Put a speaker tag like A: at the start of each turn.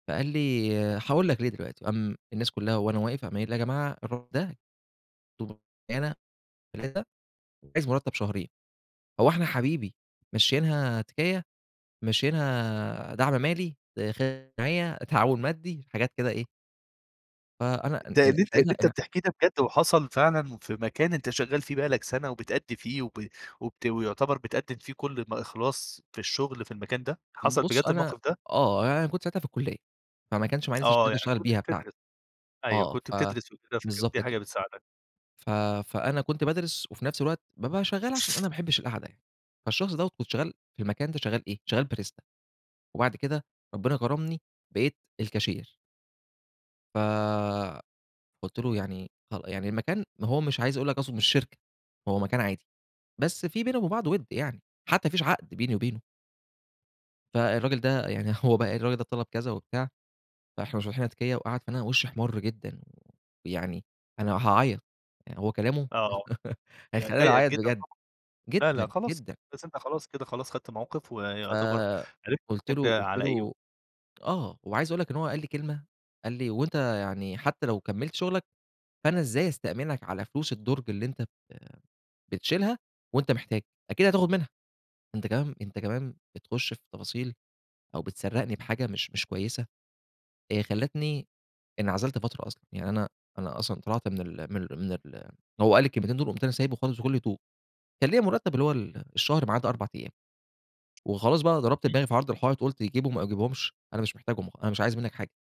A: فقال لي هاقول لك ليه دلوقتي، قام الناس كُلّها وأنا واقف قام قايل "يا جماعة الراجل ده [unintelligible] عايز مرتب شهرين، هو إحنا حبيبي ممشيينها تِكيّة؟ ممشيينها دعم مالي، داخل جمعية، تعاون مادي." حاجات كده إيه فأنا أ
B: ده اللي أنت اللي أنت
A: يعني [unintelligible]
B: بتحكيه ده بجد وحصل فعلًا في مكان أنت شغّال فيه بقى لك سنة وبتأدي فيه وب وبت ويُعتبر بتقدم فيه كل م إخلاص في الشغل في المكان ده، حصل بجد
A: بُصّ، أنا
B: الموقف ده؟
A: آه يعني أنا كنت ساعتها في الكُلّية، فماكنش معايا لسه
B: آه،
A: شهادة
B: يعني
A: أشتغل
B: كنت
A: بيها
B: بتدرس،
A: بتاعتي،
B: أيوه،
A: آه
B: كنت
A: ف
B: بتدرس وكده فكانت
A: بالضبط
B: دي حاجة
A: كده.
B: بتساعدك.
A: ف فأنا كنت بادرس، وفي نفس الوقت بابقى شغال عشان أنا ما باحبش القعدة يعني، فالشخص دوَّة كنت شغال في المكان ده شغال إيه؟ شغال Barista، وبعد كده ربنا كرمني بقيت الكاشير. ف فقُلت له يعني خل يعني المكان ما هو مش عايز أقول لك أصله مش شركة، هو مكان عادي، بس في بينا وبين بعض وِدّ يعني، حتى ما فيش عقد بيني وبينه. فالراجل ده يعني، هو بقى الراجل ده طلب كذا وبتاع فإحنا مش فاتحينها تكيّة، وقعد أنا وشّي احمرّ جدًا، ويعني أنا هاعيّط، يعني هو كلامه
B: آه، يعني
A: هيخلّيني
B: ضايقك
A: أعيّط
B: جدًا
A: بجد
B: طبعًا، لا، لا
A: جدًا،
B: خلاص،
A: جدًا.
B: بس أنت خلاص كده خلاص خدت موقف ويُعتبر عرفت
A: فقُلت
B: [unintelligible]
A: له قُلت
B: على إيه و
A: له آه، وعايز أقول لك إن هو قال لي كلمة، قال لي "وأنت يعني حتى لو كمّلت شُغلك، فأنا إزاي أستأمنك على فلوس الدُرج اللي أنت بت بتشيلها وأنت محتاج؟ أكيد هتاخد منها." أنت كمان أنت كمان بتخشّ في تفاصيل أو بتسَرّقني بحاجة مش، مش كويسة، آآ، خلّتني انعزلت فترة أصلًا، يعني أنا أنا أصلًا طلعت من ال من ال من ال هو قال لي الكلمتين دُول وقُمت أنا سايبُه خالص بكُلّ هدوء، وكان ليَّا مُرتّب اللي هو ال الشهر ماعدى 4 أيام، وخلاص بقى أنا ضربت
B: إمم.
A: دماغي في عرض الحائط، قُلت يجيبهم ما يجيبهُمش أنا مش محتاجهم، أنا مش عايز منّك حاجة.